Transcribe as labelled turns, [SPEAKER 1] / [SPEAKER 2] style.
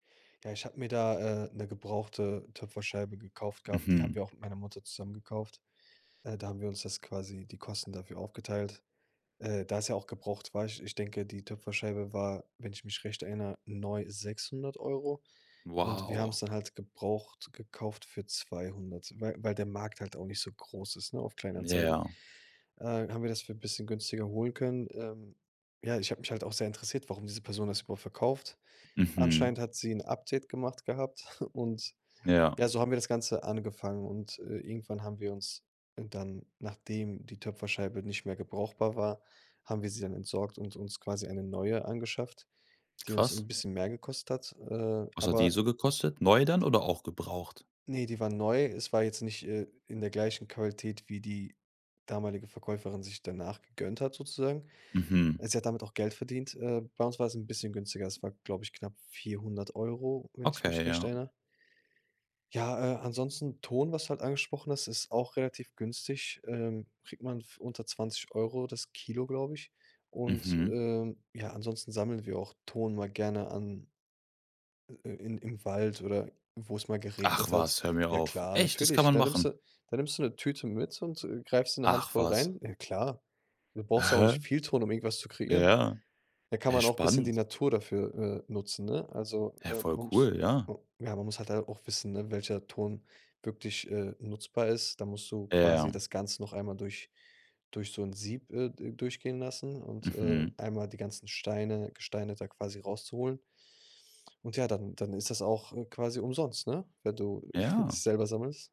[SPEAKER 1] Ja, ich habe mir da, äh, 'ne gebrauchte Töpferscheibe gekauft gehabt. Die haben
[SPEAKER 2] Mhm.
[SPEAKER 1] wir auch mit meiner Mutter zusammen gekauft. Äh, da haben wir uns das quasi die Kosten dafür aufgeteilt. Äh, da es ja auch gebraucht war, ich ich denke, die Töpferscheibe war, wenn ich mich recht erinnere neu 600 € und wir
[SPEAKER 2] Wow.
[SPEAKER 1] haben's dann halt gebraucht gekauft für 200 wei weil der Markt halt auch nicht so groß ist, ne, auf Kleinanzeigen,
[SPEAKER 2] Ja.
[SPEAKER 1] äh, haben wir das für bisschen günstiger holen können. Ähm, ja, ich habe mich halt auch sehr interessiert, warum diese Person das überhaupt verkauft. Anscheinend
[SPEAKER 2] Mhm.
[SPEAKER 1] hat sie 'n Update gemacht gehabt und
[SPEAKER 2] Ja.
[SPEAKER 1] ja, so haben wir das Ganze angefangen und, äh, irgendwann haben wir uns dann, nachdem die Töpferscheibe nicht mehr brauchbar war haben wir sie dann entsorgt und uns quasi eine neue angeschafft, die uns
[SPEAKER 2] Krass.
[SPEAKER 1] 'n bisschen mehr gekostet hat. Äh,
[SPEAKER 2] Was hat die
[SPEAKER 1] aber
[SPEAKER 2] so gekostet? Neu dann oder auch gebraucht?
[SPEAKER 1] Ne, die war neu. Es war jetzt nicht, äh, in der gleichen Qualität, wie die damalige Verkäuferin sich danach gegönnt hat sozusagen.
[SPEAKER 2] Mhm.
[SPEAKER 1] Sie hat damit auch Geld verdient. Äh, bei uns war es 'n bisschen günstiger. Es war, glaube ich, knapp 400 € wenn ich mich
[SPEAKER 2] Okay,
[SPEAKER 1] recht
[SPEAKER 2] ja.
[SPEAKER 1] erinnere. Ja, äh, ansonsten Ton, was du halt angesprochen hast, ist auch relativ günstig. Ähm, kriegt man f unter 20 € das Kilo, glaube ich. Und,
[SPEAKER 2] Mhm.
[SPEAKER 1] ähm ja, ansonsten sammeln wir auch Ton mal gerne an, äh, i in im im Wald oder wo es mal
[SPEAKER 2] Ach
[SPEAKER 1] geregnet hat.
[SPEAKER 2] was, hör mir
[SPEAKER 1] Ja
[SPEAKER 2] auf.
[SPEAKER 1] klar,
[SPEAKER 2] Echt, das kann
[SPEAKER 1] natürlich.
[SPEAKER 2] man
[SPEAKER 1] Da nimmst du
[SPEAKER 2] machen?
[SPEAKER 1] da nimmst du 'ne Tüte mit und, äh, greifst in 'ne
[SPEAKER 2] Ach
[SPEAKER 1] handvoll
[SPEAKER 2] was.
[SPEAKER 1] rein. Äh, klar, du
[SPEAKER 2] Äh,
[SPEAKER 1] brauchst ja auch
[SPEAKER 2] häh?
[SPEAKER 1] nicht viel Ton, um irgendwas zu kreieren.
[SPEAKER 2] Ja.
[SPEAKER 1] Da kann
[SPEAKER 2] He,
[SPEAKER 1] man auch bisschen die
[SPEAKER 2] spannend.
[SPEAKER 1] Natur dafür, äh, nutzen, ne? Also,
[SPEAKER 2] Ja,
[SPEAKER 1] äh,
[SPEAKER 2] voll
[SPEAKER 1] man muss
[SPEAKER 2] cool, ja.
[SPEAKER 1] äh, ja, man muss halt da auch wissen, ne, welcher Ton wirklich, äh, nutzbar ist. Dann musst du quasi
[SPEAKER 2] Ja.
[SPEAKER 1] das Ganze noch einmal durch durch so 'n Sieb, äh, d durchgehen lassen und, äh,
[SPEAKER 2] Mhm.
[SPEAKER 1] einmal die ganzen Steine Gesteine da quasi rauszuholen. Und ja, dann dann ist das auch, äh, quasi umsonst, ne, wenn du
[SPEAKER 2] Ja.
[SPEAKER 1] es selber sammelst.